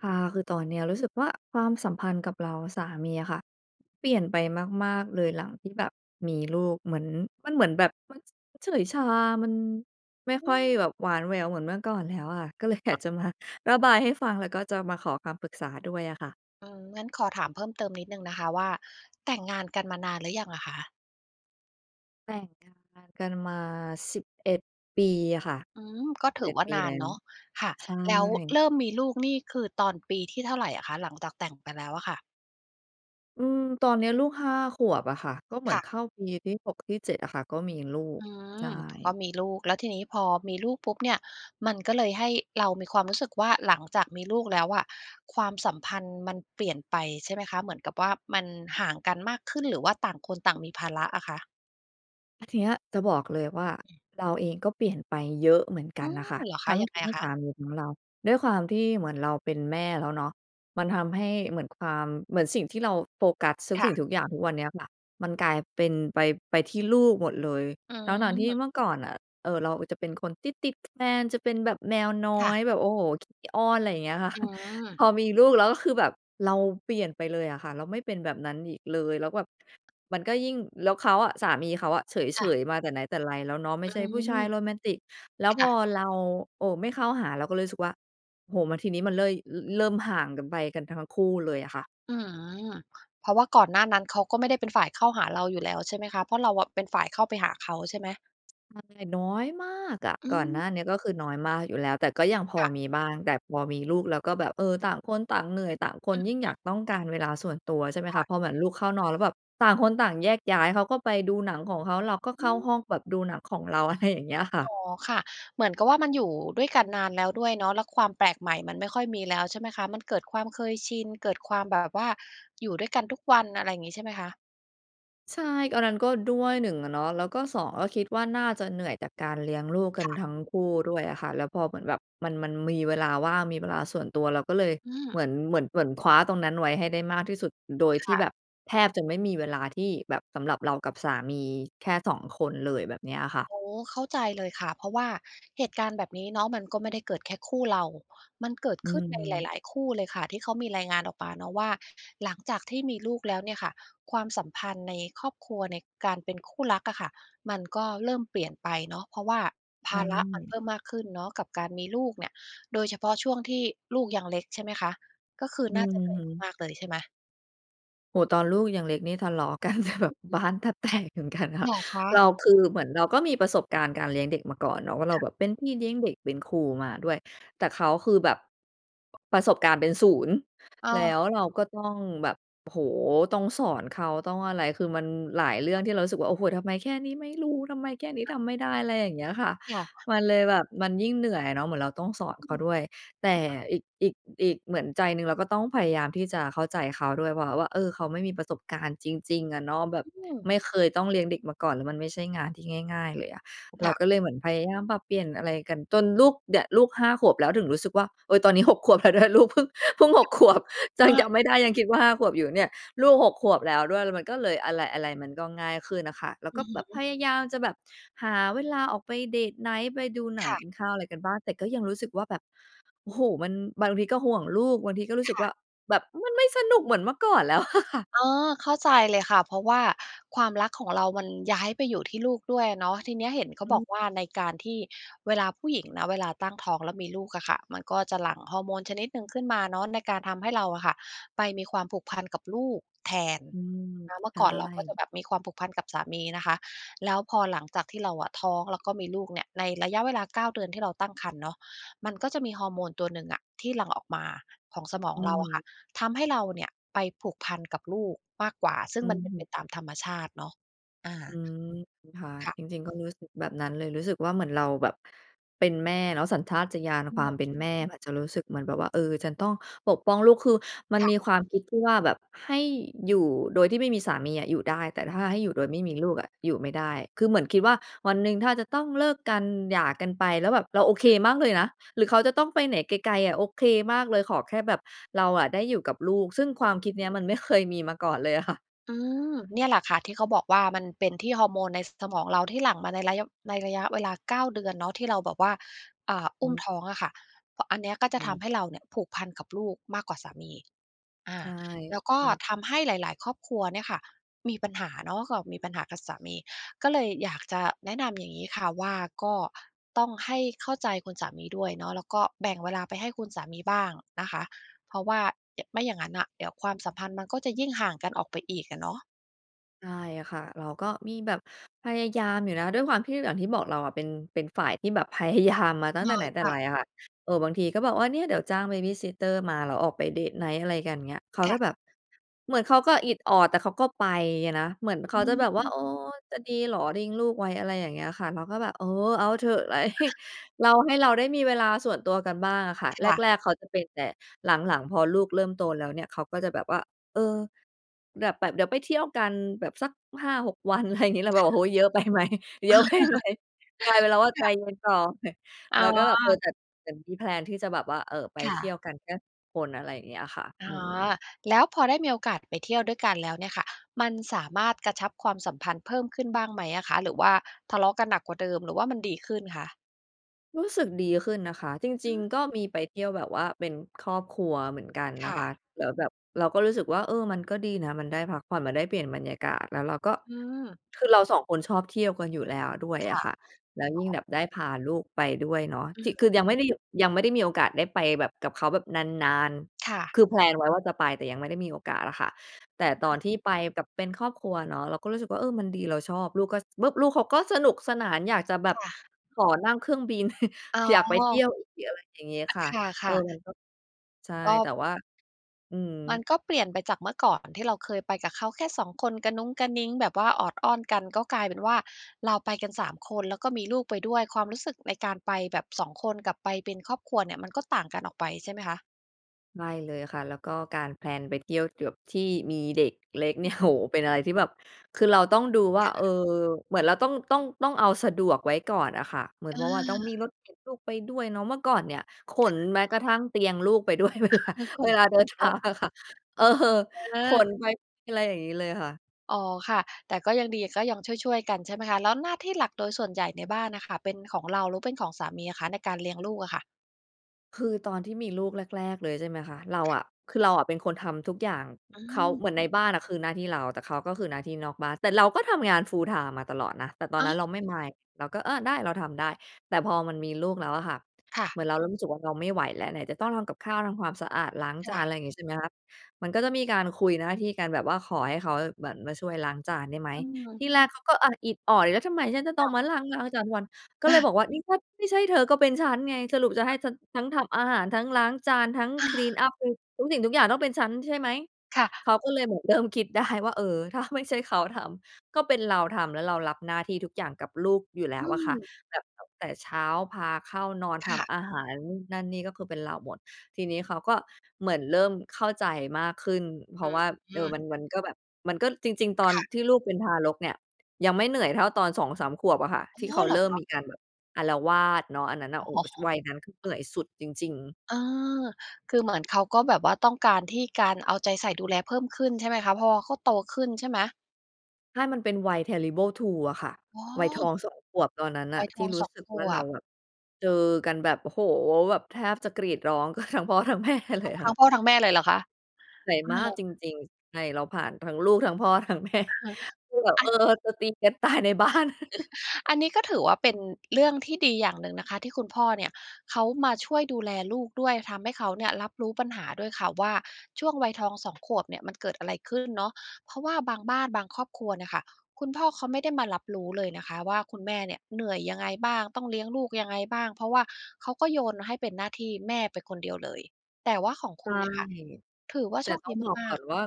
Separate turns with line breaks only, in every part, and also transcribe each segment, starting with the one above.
อา คือตอนนี้อะรู้สึกว่า ความสัมพันธ์กับเราและสามีอะค่ะ เปลี่ยนไปมาก ๆ เลย หลังที่แบบมีลูก เหมือน มันเหมือนแบบ มัน มันเฉยชา มัน ไม่
อ
ค่
ื
อย
ม
แบบหวานแววเหมือนเมื่อก่อนแล้วอะ ก็เลย อย
อ
าก
ะ
จะมาระบายให้ฟัง แล้วก็จะมาขอคำปรึกษาด้วยอะค่ะ
อืม งั้นขอถามเพิ่มเติมนิดหนึ่งนะคะว่า แต่งงานกันมานานหรือยังอะคะ?
แต่งงานกันมา 11 ปีอะค่ะ
อืม ก็
สิ
ถ
บ
ื
เอ
อ
็ด
ว่า
ปี
นา
แล้
น
ว
เนาะ ค่ะ
ใช
แล้วเ
่
ริ่มมีลูกนี่คือตอนปีที่เท่าไรอะคะ หลังจากแต่งไปแล้วอะค่ะ?
อืม ตอนเนี้ยลูก 5 ขวบอะค่ะ ก็เหมื
ค
อน
่ะ
เข้าปีที่ 6 ที่ 7 อะค่ะ ก็มีลูก
อื
ใช
ม
่
ก็มีลูก แล้วทีนี้พอมีลูกปุ๊บเนี่ย มันก็เลยให้ เรามีความรู้สึกว่า หลังจากมีลูกแล้วอะ ความสัมพันธ์มันเปลี่ยนไปใช่ไหมคะ? เหมือนกับว่า มันห่างกันมากขึ้นหรือว่าต่างคนต่างมีภาระอะคะ?
แล้วทีเนี้ยจะบอกเลยว่า
อืม
เราเองก็เปลี่ยนไปเยอะเหมือนก
อ
ั
ื
นน่
ม
ะค่ะ
เหรอค
ท
ะ?
ั้ง
ยั
ท
งไง
ทั้ง
ค
ส
ะ?
ามีของเรา ด้วยความที่เหมือนเราเป็นแม่แล้วเนาะ มันทำให้เหมือนความ เหมือนสิ่งที่เราโฟกัสทุก
ค
ส
่
ิ่
ะ
งทุกอย่างทุกวันเนี้ยแบบ มันกลายเป็นไป ไปที่ลูกหมดเลย
อื
ทั้ง ๆ ที่
ม
เมื่อก่อนน่ะ เอ่อ เราอะจะเป็นคนติด ๆ แฟน จะเป็นแบบแมวน้อ
ค่ะ
ย แบบ โอ้โฮ ขี้อ้อน อะไรอย่างเงี้ยค่ะ
อื
พ
ม
อมีลูกแล้วก็คือแบบเราเปลี่ยนไปเลยอะค่ะ เราไม่เป็นแบบนั้นอีกเลย แล้วแบบ มันก็ยิ่ง แล้วเขาอะ สามีเขาอะเฉ
ค่ะ
ย ๆ มาแต่ไหนแต่ไรแล้วเนาะ ไม่
อ
ใช่ผู้ชาย
ืม
โรแมนติก แล้ว
ค
พ
่
อ
ะ
เรา โอ้ ไม่เข้าหา เราก็เลยรู้สึกว่า โอ้โฮ มาทีนี้มันเลย ร เริ่มห่างกันไป กันทั้งคู่เลยอะค่ะ
อืม เพราะว่าก่อนหน้านั้น เขาก็ไม่ได้เป็นฝ่ายเข้าหาเราอยู่แล้วใช่ไหมคะ? เพราะเราอะเป็นฝ่ายเข้าไปหาเขาใช่ไหม?
มาแต่น้อยมากอะ
อื
ก่อนหน้า
ม
นี้อะก็คือน้อยมากอยู่แล้ว แต่ก็ยังพอ
ค่ะ
มีบ้าง แต่พอมีลูกแล้วก็แบบ เออ ต่างคนต่างเหนื่อย ต่างคน
อือ
ยิ่ง
ค
อย
่ะ
ากต้องการเวลาส่วนตัว ใช่ไหม
ค
ค
่ะ
ะ พอเหมือนลูกเข้านอน แล้วแบบต่างคนต่างแยกย้าย เขาก็ไปดูหนังของเขา เราก็เ
อื
ข้า
อ
ห้องแบบดูหนังของเรา อะไร อย่างเงี้ยค่ะ
อ๋อ ค่ะ เหมือนกับว่า มันอยู่ ด้วยกันนานแล้วด้วยเนาะ แล้วความแปลกใหม่มันไม่ค่อยมีแล้วใช่ไหมคะ? มันเกิดความเคยชิน เกิดความแบบว่าอยู่ด้วยกันทุกวัน อะไรงี้ใช่ไหมคะ?
ใช่ อันนั้นก็ด้วย 1 อะเนาะ แล้วก็ 2 ก็คิดว่าน่าจะเหนื่อยจากการเลี้ยงลูกก
ค
ัน
่
ท
ะ
ั้งคู่ด้วยอะค่ะ แล้วพอเหมือนแบบมัน มันมีเวลาว่าง มีเวลาส่วนตัว เราก็เลย
อืม
เหมือน เหมือน เหมือนคว้าตรงนั้นไว้ให้ได้มากที่สุด โดย
ค
ที่
่
แ
ะ
บบแทบจะไม่มีเวลาที่แบบสำหรับเรากับสามีแค่ 2 คนเลย แบบเนี้ยอะค่ะ
โอ้ เข้าใจเลยค่ะ เพราะว่าเหตุการณ์แบบนี้เนาะมันก็ไม่ได้เกิดแค่คู่เรา มันเกิด
อื
ขึ้นในห
ม
ลาย ๆ คู่เลยค่ะ ที่เขามีรายงานออกมาเนาะว่า หลังจากที่มีลูกแล้วเนี่ยค่ะ ความสัมพันธ์ในครอบครัว ในการเป็นคู่รักอะค่ะ มันก็เริ่มเปลี่ยนไปเนาะ เพราะว่าภาระมันเพิ่มมากขึ้นเนาะกับการมีลูกเนี่ย โดยเฉพาะช่วงที่ลูกยังเล็ก ใช่ไหมคะ ก็คือ
อื
น่าจะเหนื่อย
อ
มาก ๆ เลยใช่ไหม?
โอ้โฮ ตอนลูกยังเล็กนี่ทะเลาะ กันที่แบ
อ
บ
ือฮึ
บ้านแทบแตกเหมือนกันค
เ
่
หร
ะ
อค
เร
ะ?
าคือเหมือนเราก็มีประสบการณ์การเลี้ยงเด็กมาก่อนเนาะ ว่าเร
ค
า
่ะ
แบบเป็นพี่เลี้ยงเด็ก เป็น ครูมาด้วย แต่เขาคือแบบ ประสบการณ์เป็น 0
อ้
แล้
อ
วเราก็ต้องแบบ โอ้โฮ ต้องสอนเขา ต้องอะไร คือมันหลายเรื่องที่เรารู้สึกว่า โอ้โฮ ทำไมแค่นี้ไม่รู้ ทำไมแค่นี้ทำไม่ได้ อะไรอย่างเงี้ยค่ะ
ค่ะ
มันเลยแบบ มันยิ่งเหนื่อยอะเนาะ เหมือนเราต้องสอนเขาด้วย แต่อีก อีก อีก เหมือนใจหนึ่งเราก็ต้องพยายามที่จะเข้าใจเขาด้วย เพราะเขาว่า เออ เขาไม่มีประสบการณ์จริง ๆ อะเนาะ แบบไม่เคยต้องเลี้ยงเด็กมาก่อน มันไม่ใช่งานที่ง่าย ๆ เลยอะ เ
ค
รา
่ะ
ก็เลยเหมือนพยายามปรับเปลี่ยนอะไรกัน จนลูก เนี่ยลูกห้าขวบแล้วถึงรู้สึกว่า เออ ตอนนี้หกขวบ แล้วด้วย ลูกเพิ่ง เพิ่งหกขวบ ย
อ
ังจ
า
ำ ไม่ได้ ยังคิดว่าห้าขวบอยู่เนี่ย ลูกหกขวบแล้วด้วยมันก็เลย อะไร ๆ มันก็ง่ายขึ้นน่ะค่ะ แล้ว
อื
ก็
อฮ
แบบพ
ึ
ยายามจะแบบหาเวลาออกไปเดตไหน ไปดูหน
ค
ัง
่
ก
ะ
ินข้าวอะไรกันบ้าง แต่ก็ยังรู้สึกว่าแบบ โอ้โฮ มัน บางทีก็ห่วงลูก บางทีก็รู้
ค
สึก
่
ว่า
ะ
แบบ มันไม่สนุก เหมือนเมื่อก่อนแล้ว อะค่ะ
เออ เข้าใจเลยค่ะ เพราะว่าความรักของเรามันย้ายไปอยู่ที่ลูกด้วยอะเนาะ ทีนี้เห็นเขา
อ
บอ
ืม
กว่าในการที่เวลาผู้หญิงนะ เวลาตั้งท้องแล้วมีลูกอะค่ะ มันก็จะหลั่งฮอร์โมนชนิดหนึ่งขึ้นมาเนาะ ในการทำให้เราอะค่ะ ไปมีความผูกพันกับลูกแทน
อืม
นะเมื่
ใ
อ
ช่
ก่อนเราก็จะแบบมีความผูกพันกับสามีนะคะ แล้วพอหลังจากที่เราอะท้องแล้วก็มีลูกเนี่ย ในระยะเวลาเก้าเดือนที่เราตั้งครรภ์เนาะ มันก็จะมีฮอร์โมนตัวหนึ่งอะที่หลั่งออกมาของสมอง
อื
เราอะค่ะ
ม
ทำให้เราเนี่ยไปผูกพันกับลูกมากกว่า ซึ่
อื
งมันเป็นไป
ม
ตามธรรมชาติเนาะ อา
อืม ค่ะ
ค่ะ
จริง ๆ ก็รู้สึกแบบนั้นเลย รู้สึกว่าเหมือนเราแบบเป็นแม่เนาะ สัญชาติญาณ
อื
ควา
ม
มเป็นแม่จะรู้สึกเหมือนแบบว่า เออ ฉันต้องปกป้องลูก คือมัน
ค่
ม
ะ
ีความคิดที่ว่า แบบให้อยู่โดยที่ไม่มีสามีอะอยู่ได้ แต่ถ้าให้อยู่โดยไม่มีลูกอะอยู่ไม่ได้ คือเหมือนคิดว่าวันหนึ่งถ้าจะต้องเลิกกันหย่ากันไป แล้วแบบเราโอเคมากเลยนะ หรือเขาจะต้องไปไหนไกล ๆ อะโอเคมากเลย ขอแค่แบบเราอะได้อยู่กับลูก ซึ่งความคิดเนี้ยมันไม่ เคย มีมาก่อนเลยอะ ค่ะ
อืม เนี่ยแหละค่ะ ที่เขาบอกว่ามันเป็นที่ฮอร์โมนใน ส สมองเราที่หลั่งมาในระยะ ในระยะเวลาเก้าเดือนเนาะ ที่เราแบบว่า อ่า อ
อ
ุ้
ื
ม
ม
ท้องอะค่ะ อะ อันเนี้ยก็จ
อ
ะ
ื
ท
ม
ำให้เราเนี่ยผูกพันกับลูกมากกว่าสามี อา
ใช่
แล้วก็
อืม
ทำให้หลาย ๆ ครอบครัวเนี่ยค่ะมีปัญหาเนาะ ก็มีปัญหากับสามี ก็เลยอยากจะแนะนำอย่างงี้ค่ะว่า ก็ต้องให้เข้าใจคุณสามีด้วยเนาะ แล้วก็แบ่งเวลาไปให้คุณสามีบ้างนะคะ เพราะว่า ย ไม่อย่างงั้นน่ะ เดี๋ยวความสัมพันธ์มันก็จะยิ่งห่างกันออกไปอีกอะเนาะ
ใช่ค่ะ เราก็มีแบบพยายามอยู่นะ ด้วยความที่ อย่างที่บอก เราอะเป็น เป็นฝ่ายที่แบบ พยายาม มาตั
อ
้
๋
ง
อ
แต่ไหนแต่
ค่
ไร
ะ
อะค่ะ เออ บางทีก็บอกว่า เนี่ย เดี๋ยวจ้าง babysitter มา แล้วออกไปเดตไนต์อะไรกันเงี้ย เขา
ค่
ก็
ะ
แบบ เหมือนเขาก็อิดออด แต่เขาก็ไปอะนะ เหมือนเข
อ
าจะแบบว่า
ื
"เ
ม
ออ จะดีเหรอ ทิ้งลูกไว้" อะไรอย่างเงี้ยค่ะ เราก็แบบ "เออ เอาเถอะ ไล" เรา ให้เราได้มีเวลาส่วนตัวกันบ้างอะค่ะ
ค
แร
่ะ
ก ๆ เขาจะเป็น แต่หลัง ๆ พอลูกเริ่มโตแล้วเนี่ย เขาก็จะแบบว่า "เออ แดบ แบบเดี๋ยวไปเที่ยวกัน แบบสัก 5-6 วัน" ไรงี้ เราแบ
ค
บ
่
"โอ
ะ
้โฮ เยอะ ไปไหม เยอะไปไหม?" กลายเป็นเราว่า
ค
ใจ
่ะ
เย็นต่อ
อ๋
แล
อ
้วก็แบบ เออ แต่ แต่มีแพลนที่จะแบบว่า เอ่อ ไป
ค่
เที่ย
ะ
วกันแค่ คน อะไรอย่างเงี้ยค่ะ
อ
อื
๋อ
ม
แล้วพอได้มีโอกาสไปเที่ยวด้วยกันแล้วเนี่ยค่ะ มันสามารถกระชับความสัมพันธ์เพิ่มขึ้นบ้างไหมอะคะ? หรือว่าทะเลาะกันหนักกว่าเดิม หรือว่ามันดีขึ้นคะ?
รู้สึกดีขึ้นนะคะ จ
อ
ร
ื
ิง
ม
ๆ ก็มีไปเที่ยวแบบว่าเป็นครอบครัวเหมือนกัน
ค
นะ
่
คะ
ะ
แล้วแบบเราก็รู้สึกว่า เออ มันก็ดีนะ มันได้พักผ่อน มันได้เปลี่ยนบรรยากาศ แล้วเราก็
อืม
คือเรา 2 คนชอบเที่ยวกันอยู่แล้วด้วย
ค
อะ
่ะ
ค่ะ แล้ว
อ
ย
๋
ิ่งแ
อ
บบได้พาลูกไปด้วยเนาะ
อื
ถ
อ
ิ
ฮ
คือ
ึ
ยังไม่ได้หยุด ยังไม่ได้มีโอกาสได้ไปแบบ กับเขาแบบนาน
ค่
ๆ
ะ
คือ แพลน ไว้ว่าจะไป แต่ยังไม่ได้มีโอกาสอะค่ะ แต่
ทำไม
ตอน
อ
ที่
ะ?
ไปกับ เป็นครอบครัวเนาะ เราก็รู้สึกว่า เออ มันดีเราชอบ ลูกก็ ส ส บึ้บ ลูกเขาก็สนุกสนานอยากจะแบ
ค
บ
่ะ
ขอนั่งเครื่องบิน
อ๋
อยากไปเที่
อ
ยวอีก อะไรอย่างงี้ค่ะ
ค
เออ
่ะ ๆ
มันก็ ใช่
ก
แต
็
่ว่า อื
มัน
ม
ก็เปลี่ยนไปจากเมื่อก่อนที่เราเคยไปกับเขาแค่ 2 คน กะหนุงกะหนิงแบบว่าออดอ้อนกัน ก็กลายเป็นว่า เราไปกัน 3 คน แล้วก็มีลูกไปด้วย ความรู้สึกในการไปแบบ 2 คนกับไปเป็นครอบครัวเนี่ย มันก็ต่างกันออกไปใช่ไหมคะ?
ไม่เลยค่ะ แล้วก็การแพลนไปเที่ยวจวบที่มีเด็กเล็ก
อ
เน
ื
ี่
อ
ย
ฮ
โอ้
ึ
โฮ! เป็นอะไรที่แบบ คือเราต้องดูว่
ค
า
่
เอ
ะ
อ เหมือนเราต้อง ต้อง ต้องเอาสะดวกไว้ก่อนอะค่ะ เหมือน
เ
เพราะว่าต้องมี
ออ
รถเข็นลูกไปด้วยเนาะ เมื่อก่อนเนี่ย ข
ค
น
่ะ
แม้กระทั่งเตียงลูกไปด้วย เวลา
ข
เว
น
ลา เดิน
ไป
ท
ด้ว
า
ย
งอะค่ะ เออ
เอ
ข
อ
นไป อะไรอย่างงี้เลยค่ะ
อ๋อค่ะ แต่ก็ยังดี ก็ยังช่วย ๆ กัน ใช่ไหมคะ แล้วหน้าที่หลักโดยส่วนใหญ่ในบ้านน่ะค่ะ เป็นของเราหรือเป็นของสามีอะคะ ในการเลี้ยงลูกอะค่ะ?
คือตอนที่มีลูกแรก ๆ เลยใช่ไหมคะ เรา
ค่
อ
ะ
ะ คือเราอะเป็นคนทำทุกอย่าง
อื
เขา
ม
เหมือนในบ้านอะคือหน้าที่เรา แต่เขาก็คือหน้าที่นอกบ้าน แต่เราก็ทำงาน full-time มาตลอดนะ แต่ตอ
อ
น
้า
นั้นเราไม่
ว
Mind เราก็ เออ ได้ เราทำได้ แต่พอมันมีลูกแล้วอะค่ะ
ค่ะ
เหมือนเรารู้สึกว่าเราไม่ไหวแล้ว ไหนจะต้องทำกับข้าว ทำความสะอาด ล้าง
ค
จา
่
น
ะ
อะไรอย่างงี้ ใช่ไหมคะ มันก็จะมีการคุยหน้าที่กัน แบบว่าขอให้เขา อะ เหมือนมาช่วยล้างจานได้ไหม
อื
ท
ม
ีแรกเขาก็ อะ อิดออดอีก แล้วทำไมฉันจะต
ค
้อ
่
ง
ะ
มา ล้าง วัน ก็เลยบอกว่า "นี่ถ้าไม่ใช่เธอก็เป็นฉันไง สรุปจะให้ฉันทั้งทำอาหาร ทั้งล้างจาน ทั้ง
อ
คลีนอ
า
ัป คือทุกสิ่งทุกอย่างต้องเป็นฉัน ใช่ไหม?"
ค่ะ
เขาก็เลยแบบเริ่มคิดได้ว่า เออ ถ้าไม่ใช่เขาทำ ก็เป็นเราทำ แล้วเรารับหน้าที่ทุกอย่างกับลูกอยู่แล
อ
้
ื
วอะค่ะ
ม
แบบตั้งแต่เช้า พาเข้านอน ท
ค่ะ
ำอาหาร นู่นนั่นนี่ ก็คือเป็นเราหมด ทีนี้เขาก็เหมือนเริ่มเข้าใจมากขึ้น เพรา
อื
ะว
อ
่า
ฮ
เออ มัน
ึ
มันก็แบบ มันก็ จริง ๆ ตอน
ค่ะ
ที่ลูกเป็นทารกเนี่ย ยังไม่เหนื่อยเท่าตอนสองสามขวบอะค่ะ
อ
ท
๋อ
ี่เขา
เหร
เร
อ
ิ่ม
ค
ม
ะ?
ีการแบบ อาละวาดเนาะ อันนั้นน่ะ
อ
โอ้โ
๋
ฮ!
อ
วัยนั้นคือเหนื่อยสุดจริง ๆ
เออ คือเหมือนเขาก็แบบว่าต้องการที่ การเอาใจใส่ดูแลเพิ่มขึ้น ใช่ไหมคะ เพราะว่าเขาโตขึ้นใช่ไหม?
ถ้ามันเป็นวัย Terrible Two อะค่ะ
อ้
วัยทอ
อ
ง 2 ขวบ ตอนนั้นน
ว
่
ั
ะ
ยท
ที่
อง
รู
ส
้
อง
สึก
ข
ว่า
ว
เรา
บ
แบบเจอกันแบบ โอ้โฮ แบบแทบจะกรีดร้อง กันทั้งพ่อ ทั้งแม่เล
อ้า
ย
ว
ค
ทั้
่ะ
งพ่อทั้งแม่เลยเหรอคะ?
เหนื่อย
อา
มากจริง ๆ ใช่ เราผ่านทั้งลูก ทั้งพ่อ ทั้งแม่ คือแบบ
อั
เอ
น
อ จะตีกัน ตายในบ้าน
เออ อันนี้ ก็ถือว่าเป็นเรื่องที่ดีอย่างหนึ่งนะคะ ที่คุณพ่อเนี่ยเขามาช่วยดูแลลูกด้วย ทำให้เขาเนี่ยรับรู้ปัญหาด้วยค่ะว่า ช่วงวัยทอง 2 ขวบเนี่ย มันเกิดอะไรขึ้นเนาะ เพราะว่าบางบ้าน บางครอบครัวเนี่ยค่ะ คุณพ่อเขาไม่ได้มารับรู้เลยนะคะว่า คุณแม่เนี่ยเหนื่อยยังไงบ้าง ต้องเลี้ยงลูกยังไงบ้าง? เพราะว่าเขาก็โยนให้เป็นหน้าที่แม่ไปคนเดียวเลย แต่ว่าของ
ใ
ค
ช
ุ
่
ณเนี่ยค่ะ ถือว่า
แต
โ
่
ชค
ต้
ด
อ
ี
งบอก
ม
ก
า
่อ
ก ๆ
นว่า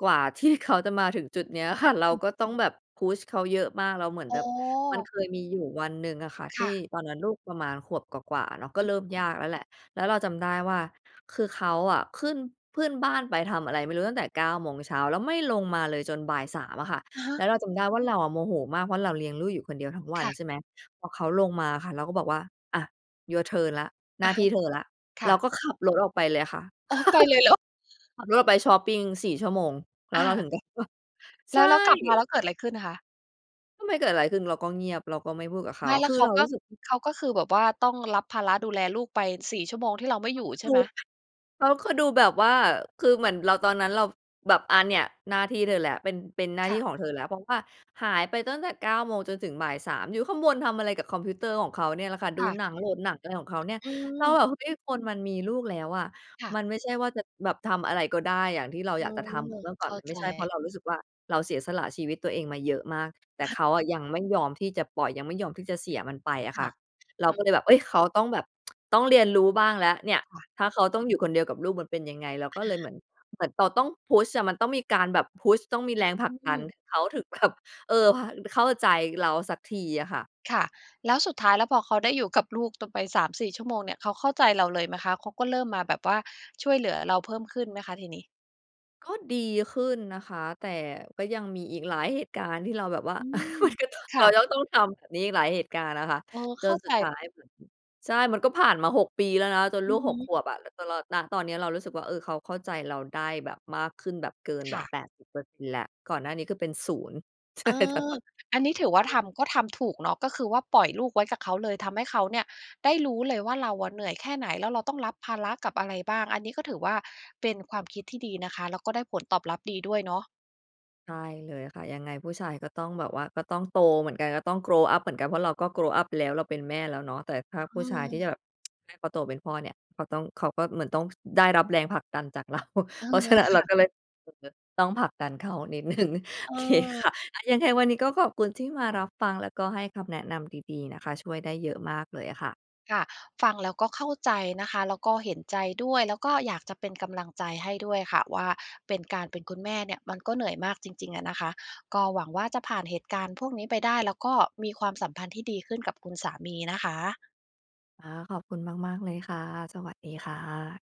กว่า ที่ เขาจะมาถึงจุดนี้อะ ค่ะ เรา
อืม
ก็ต้องแบบ push เขาเยอะมาก แล้วเหมือน
อ๋
แบบ มัน
อ
เคยมีอยู่วันหนึ่งอะค่ะ
ค
ที่
่ะ
ตอนนั้นลูกประมาณขวบกว่า ๆ เนาะ ก็
อื
เ
ม
ริ่มยากแล้วแหละ แล้วเราจำได้ว่า คือเขาอะขึ้น ขึ้นบ้านไปทำอะไรไม่รู้ ตั้งแต่ 9 โมงเช้า แล้วไม่ลงมาเลย จนบ่าย 3 อะค่ะ
อะฮ
แล้
ะ
วเราจำได้ว่า เราอะโมโหมาก เพราะเราเลี้ยงลูกอยู่คนเดียวทั้งวั
ค
น
่ะ
ใช่ไหม? พอเขาลงมาอะค่ะ เราก็บอกว่า อะ Your turn แล้ว หน
อ
้
ะ
า
ฮ
ที
ะ
่เธอแล้ว
ค
เ
่
รา
ะ
ก็ขับรถออกไปเลยค่ะ
อ๋อ ไปเลยเหรอ?
ขับรถออกไปชอปปิง 4 ชั่วโมง แล้
อ
วเราถึ
า
ง กลับมา
แ
ใ
ล
ช
้
่
ว แล้วกลับมาแล้วเกิดอะไรขึ้นคะ?
ก็ไม่เกิดอะไรขึ้น เราก็เงียบ เราก็ไม่พูดกับเข
ไ
า
ม่ แล้
ค
ว
ือ
เข
เ
า
รา
ก
ร
็
ู้สึก อือ
เขาก็คือแบบว่า ต้องรับภาระดูแลลูกไป 4 ชั่วโมงที่เราไม่
เข
อย
า
ู่
คือ
ใช
ด
่ไ
ู
หม?
เขาคือดูแบบว่า คือเหมือนเรา ตอนนั้นเรา แบบ อา เนี่ยหน้าที่เธอแหละ เป็น เป็นหน้า
ค
ท
่
ี่
ะ
ของเธอแล้ว เพราะว่าหายไปตั้งแต่ 9 โมงจนถึงบ่าย 3 อยู่ข้างบนทำอะไรกับคอมพิวเตอร์ของเขาเนี่ยแหละค่ะ ด
ค
ู
่ะ
หนัง โหลดหนัง อะไรของเขาเนี่ย
อ
แล้ว
ืม
แบบ เฮ้ย คนมันมีลูกแล้วอะ
ค่ะ
มันไม่ใช่ว่าจะแบบทำอะไรก็ได้อย่างที่เรา
อ
อ
ื
ยากจะทำเหม
อ
ือนเมื่อก
เ
่
ข
อน
้า
มันไ
ใ
ม่
จ
ใช่ เพราะเรารู้สึกว่า เราเสียสละชีวิตตัวเองมาเยอะมาก แต
อ
่
ะฮะ
เขาอะยังไม่ยอมที่จะปล่อย ยังไม่ยอมที่จะเสียมันไป
อ
อะ
ค
ค
่
่
ะ
ะ เร
อ
า
ื
ก
อ
็เลยแบบ เอ๊ย เขาต้องแบบ ต้องเรียนรู้บ้างแล้วเนี่ย
ค่ะ
ถ้าเขาต้องอยู่คนเดียวกับลูกมันเป็นยังไง เราก็เ
อ
ลยเห
า
มือน เหมือนตอต้อง Push อะ มันต้องมีการแบบ Push ต้องมี
เ
แ
อ
รง
อ
ผล
อ
ั
ื
กดัน
อ
เขาถึง แบบ เออ [unintelligible] เข้าใจเราสักทีอะค่ะ
ค่ะ แล้วสุดท้าย แล้วพอเขาได้อยู่กับลูก ตกไป 3-4 ชั่วโมงเนี่ย เขาเข้าใจเราเลยไหมคะ? เขาก็เริ่มมาแบบว่า ช่วยเหลือเราเพิ่มขึ้นไหมคะ ทีนี้?
ก็ดีขึ้นนะคะ แต่ ก็ยังมีอีกหลายเหตุการณ์ที่เราแบบว่า
อืม
มันก็ต้อง
ค
เ
่
รา
ะ
ยังต้องทำแบบนี้อีกหลายเหตุการณ์น่ะค่ะ
เออ
จ
เข้
น
า
ส
ใจ
ุดท้าย [unintelligible] ใช่ มันก็ผ่านมา 6 ปีแล้วนะ จน
อ
ล
ื
ู
อ
ก
ฮ
6 ข
ึ
วบอะ แต่ตลอด ณ ตอนเนี้ยเรารู้สึกว่า เออ เขาเข้าใจเราได้แบบ มากขึ้นแบบ เกิน
ค
แบ
่
บ
ะ
80% แล้ว ก่อนหน้านี้คือเป็นศูนย์ ใช
เ
่
อ
ค่ะ
อ
ตอน
อันนี้ถือว่า
น
ท
ั้น
ำ ก็ทำถูกเนาะ ก็คือว่าปล่อยลูกไว้กับเขาเลย ทำให้เขาเนี่ยได้รู้เลยว่า เราอะเหนื่อยแค่ไหน แล้วเราต้องรับภาระกับอะไรบ้าง อันนี้ก็ถือว่า เป็นความคิดที่ดีนะคะ แล้วก็ได้ผลตอบรับดีด้วยเนาะ
ใช่เลยค่ะ ยังไงผู้ชายก็ต้องแบบว่า ก็ต้องโตเหมือนกัน ก็ต้อง grow up เหมือนกัน เพราะเราก็ grow up ไปแล้ว เราเป็นแม่แล้วเนาะ แต่ถ้า
อ
ผ
ื
ู้ชายที่
อ
แบบ เขาโตเป็นพ่อเนี่ย เขาต้อง เขาก็เหมือนต้อง ส ได้รับแรงผลักดันจาก เรา
เออ
เพราะฉะนั้น
ค
เรา
่ะ
ก็เลย [unintelligible] ต้องผลักดันเขานิด หนึ่ง โอเค ค
เออ
่ะ อะ ยังไงวันนี้ก็ขอบคุณที่มารับฟัง แล้วก็ให้คำแนะนำดี ๆ นะคะ ช่วยได้เยอะมากเลยอะค่ะ
ค่ะ ฟังแล้วก็เข้าใจนะคะ แล้วก็เห็นใจด้วย แล้วก็อยากจะเป็นกำลังใจให้ด้วยค่ะว่า เป็น การเป็นคุณแม่เนี่ย มันก็เหนื่อยมากจริง ๆ อะนะคะ ก็หวังว่าจะผ่านเหตุการณ์พวกนี้ไปได้ แล้วก็มีความสัมพันธ์ที่ดีขึ้นกับคุณสามีนะคะ
อา ขอบคุณมาก ๆ เลยค่ะ สวัสดีค่ะ